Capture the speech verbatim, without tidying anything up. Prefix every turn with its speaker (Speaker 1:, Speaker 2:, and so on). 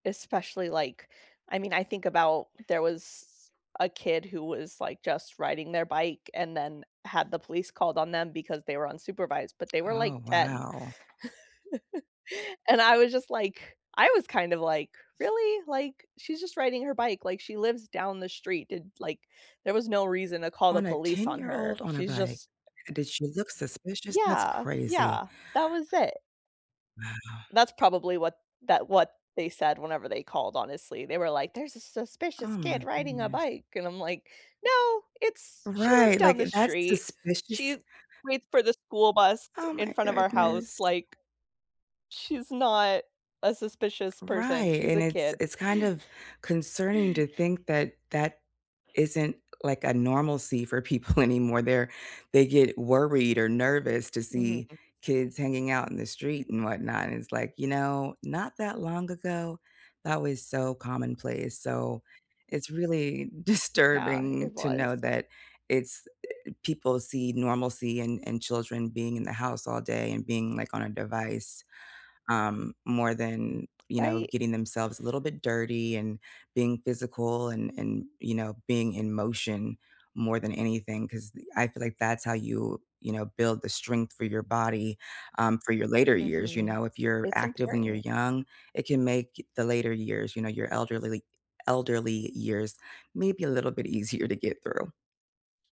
Speaker 1: Especially, like, I mean, I think about there was a kid who was like just riding their bike and then had the police called on them because they were unsupervised, but they were like
Speaker 2: Oh,
Speaker 1: ten.
Speaker 2: wow.
Speaker 1: And I was just like I was kind of like, "Really, like, she's just riding her bike, like, she lives down the street, and, like, there was no reason to call the
Speaker 2: On a
Speaker 1: police on
Speaker 2: ten-year-old
Speaker 1: her.
Speaker 2: on a
Speaker 1: She's
Speaker 2: bike.
Speaker 1: just"
Speaker 2: Did she look suspicious? That's
Speaker 1: Yeah,
Speaker 2: crazy.
Speaker 1: yeah, that was it.
Speaker 2: Wow.
Speaker 1: That's probably what that what they said whenever they called, honestly, they were like, "There's a
Speaker 2: Oh,
Speaker 1: suspicious
Speaker 2: my
Speaker 1: kid riding a
Speaker 2: goodness.
Speaker 1: bike," and I'm like, "No, it's she lives
Speaker 2: Right,
Speaker 1: down
Speaker 2: like,
Speaker 1: the
Speaker 2: that's
Speaker 1: street, she
Speaker 2: suspicious?
Speaker 1: waits for the school bus
Speaker 2: Oh,
Speaker 1: in
Speaker 2: my
Speaker 1: front of our
Speaker 2: goodness.
Speaker 1: house, like, she's not a suspicious person.
Speaker 2: Right,
Speaker 1: She's
Speaker 2: and
Speaker 1: a
Speaker 2: it's
Speaker 1: kid."
Speaker 2: it's kind of concerning to think that that isn't like a normalcy for people anymore. They're they get worried or nervous to
Speaker 1: Mhm.
Speaker 2: see kids hanging out in the street and whatnot, and it's like, you know, not that long ago, that was so commonplace, so it's really
Speaker 1: Yeah,
Speaker 2: disturbing
Speaker 1: it
Speaker 2: to know
Speaker 1: was.
Speaker 2: that it's people see normalcy and and children being in the house all day and being, like, on a device, um, more than, you know,
Speaker 1: Right?
Speaker 2: getting themselves a little bit dirty and being physical and and, you know, being in motion more than anything, ‘cause I feel like that's how you you know, build the strength for your body, um, for your later years, you
Speaker 1: Mhm.
Speaker 2: know, if you're
Speaker 1: It's
Speaker 2: active when you're
Speaker 1: important.
Speaker 2: young, it can make the later years, you know, your elderly, like elderly years, maybe a little bit easier to get through.